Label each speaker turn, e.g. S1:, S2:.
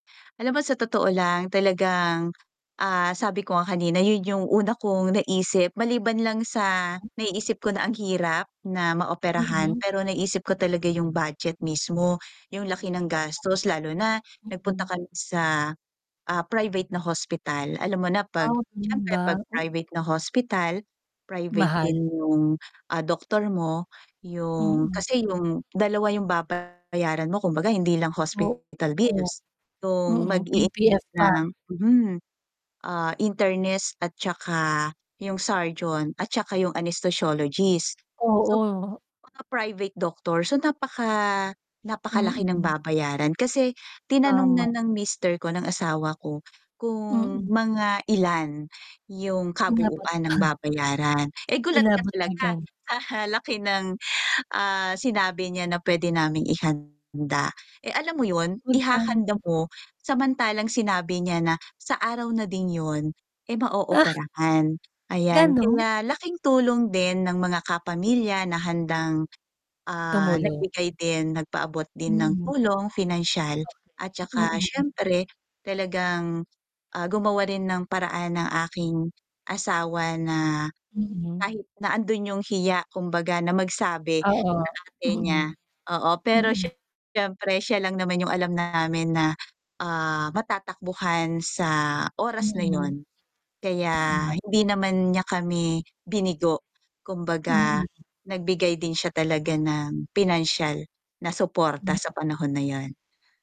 S1: Alam mo sa totoo lang talagang ah, sabi ko nga kanina yun yung una kong naisip, maliban lang sa naiisip ko na ang hirap na maoperahan
S2: Mm.
S1: pero naisip ko talaga yung budget mismo yung laki ng gastos lalo na nagpunta
S2: Mm.
S1: kan sa, ah private na hospital, alam mo na
S2: Ah
S1: pag
S2: ganun
S1: syempre
S2: ba?
S1: pag
S2: O
S1: private na hospital, private
S2: Mahal.
S1: din yung ah doktor mo, yung
S2: Mm.
S1: kasi yung dalawa yung babayaran mo kumbaga hindi lang hospital
S2: Oo,
S1: bills, yung
S2: mm
S1: mag i
S2: UPS
S1: [unintelligible]
S2: pa.
S1: ng hmm ah internist at tsaka yung surgeon at tsaka yung anesthesiologist. So
S2: Oo.
S1: mga private doctor, so napaka napakalaki ng
S2: Mm.
S1: babayaran kasi tinanong na
S2: Tama.
S1: ng mister ko, ng asawa ko kung
S2: Mm.
S1: mga ilan yung kabuuan ng
S2: [unintelligible]
S1: babayaran, eh gulat ka
S2: Inabot
S1: talaga
S2: magkan.
S1: sa laki ng, ah sinabi niya na pwede naming ihanda. Eh alam mo yun, ihahanda
S2: Magkano?
S1: mo samantalang sinabi niya na sa araw na din yun eh
S2: Ah.
S1: ma-ooperahan. Ayan
S2: Ganun?
S1: kaya laking tulong din ng mga kapamilya na handang ah
S2: Tumulo.
S1: nagbigay din nagpaabot din ng
S2: Mm.
S1: tulong pinansiyal
S2: Okey,
S1: at tsaka
S2: Mm.
S1: syempre talagang ah gumawa rin ng paraan ang aking asawa na,
S2: Mm.
S1: kahit nandoon yung hiya kumbaga na magsabi sa
S2: Oo
S1: ate niya
S2: mm,
S1: oo pero
S2: mm.
S1: syempre siya lang naman yung alam namin na ah matatakbuhan sa oras na
S2: Mm
S1: yun, kaya
S2: tama.
S1: hindi naman niya kami binigo kumbaga
S2: Mm.
S1: nagbigay din siya talaga ng pinansyal na suporta sa panahon na 'yon.